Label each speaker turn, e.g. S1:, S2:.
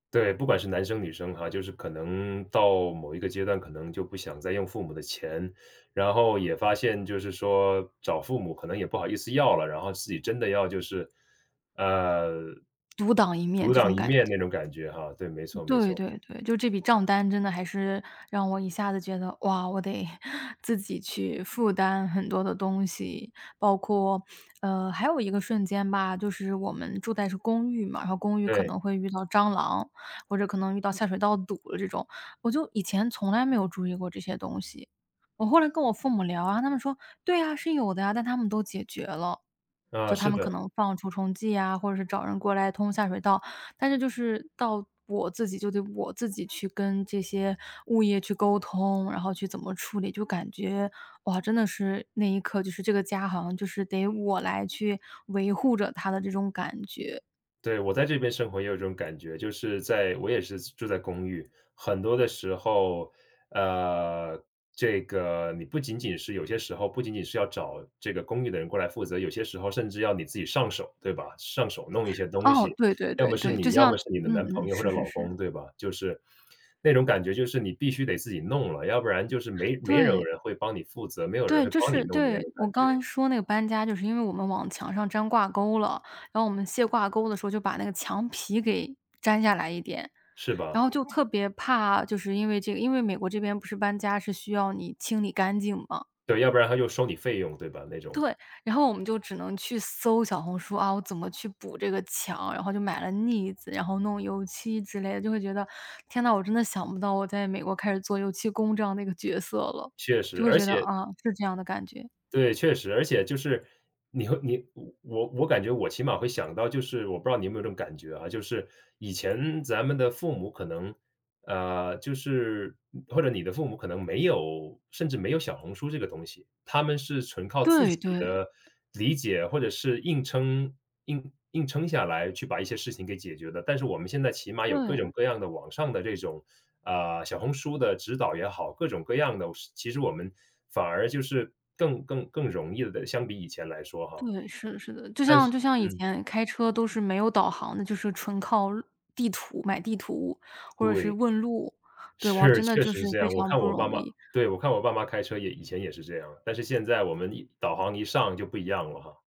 S1: 对，不管是男生女生哈，就是可能到某一个阶段，可能就不想再用父母的钱，然后也发现就是说，找父母可能也不好意思要了，然后自己真的要就是呃
S2: 独挡一面，
S1: 独
S2: 这
S1: 挡
S2: 种
S1: 一
S2: 感
S1: 面那
S2: 觉。
S1: 种感觉哈。对，没错没
S2: 对
S1: 错。
S2: 对对，就这笔账单真的还是让我一下子觉得，哇我得 自己去负担很多的东西，包括呃还有一个瞬间吧，就是我们住在是公寓嘛，然后公寓可
S1: 对。
S2: 能会遇到蟑螂，或者可能遇到下水道堵的这种，我就以前从来没有注意过这些东西。我后来跟我父母聊啊，他们说，“对呀是有的”，但他们都解决了。
S1: 啊，
S2: 就他
S1: 是
S2: 们
S1: 的。
S2: 可能放除虫剂啊或者是找人过来通下水道，但是就是到我自己就得我自己去跟这些物业去沟通，然后去怎么处理，就感觉，哇真的是，那一刻就是这个家好像就是得我来去维护着它的这种感觉。
S1: 对，我在这边生活也有种感觉，就是在我也是住在公寓，很多的时候，呃这个，你不仅仅是有些时候不仅仅是要找这个公寓的人过来负责，有些时候甚至要你自己上手，对吧？上手弄一些东
S2: 哦。
S1: 西，
S2: 对对
S1: 要么
S2: 对
S1: 是
S2: 对。
S1: 你，
S2: 就
S1: 要
S2: 像
S1: 么是你的
S2: 嗯
S1: 男
S2: 嗯，
S1: 朋友或
S2: 是
S1: 者
S2: 是
S1: 老
S2: 是。
S1: 公，对吧？就是那种感觉就是你必须得自己弄了，要不然就是没没
S2: 对。
S1: 有人会帮你负责，没有人
S2: 对
S1: 会
S2: 就
S1: 帮你
S2: 是
S1: 弄的那
S2: 对，
S1: 种
S2: 我
S1: 感觉。
S2: 刚刚说那个搬家就是因为我们往墙上粘挂钩了，然后我们卸挂钩的时候，就把那个墙皮给粘下来一点，
S1: 是
S2: 然
S1: 吧？
S2: 后就特别怕就是因为这个因为美国这边不是搬家是需要你清理干净嘛。
S1: 对，要不然它就收你费用对吧？那种。
S2: 对，然后我们就只能去搜“小红书”，啊我怎么去补这个墙？然后就买了腻子，然后弄油漆之类的。就会觉得，天哪，我真的想不到，我在美国开始做油漆工这样的一个角色了，
S1: 确
S2: 就
S1: 实，
S2: 会
S1: 而
S2: 觉得，
S1: 且
S2: 啊，是这样的感觉。
S1: 对，确实。而且就是你会你我我感觉我起码会想到就是，我不知道你有没有这种感觉啊？就是，以前咱们的父母可能，呃就是或者你的父母可能没有甚至没有“小红书”这个东西，他们是纯靠自
S2: 对
S1: 己
S2: 对。
S1: 的理解或者是硬撑硬硬撑下来去把一些事情给解决的，但是我们现在起码有各
S2: 对。
S1: 种各样的网上的这种，呃“小红书”的指导也好，各种各样的其实我们反而就是更更更容易地相比以前来说哈。
S2: 对，是的是的。就
S1: 但
S2: 像
S1: 是
S2: 就像以
S1: 嗯。
S2: 前开车都是没有导航的就是纯靠地图，买地图或者是
S1: 对。
S2: 问路。对，哇
S1: 是，
S2: 真的
S1: 确
S2: 就
S1: 实
S2: 是
S1: 是这
S2: 非
S1: 样，我
S2: 常
S1: 看
S2: 不
S1: 我
S2: 容
S1: 爸妈
S2: 易。
S1: 对，我看我爸妈开车也以前也是这样，但是现在我们一导航一上就不一样了哈。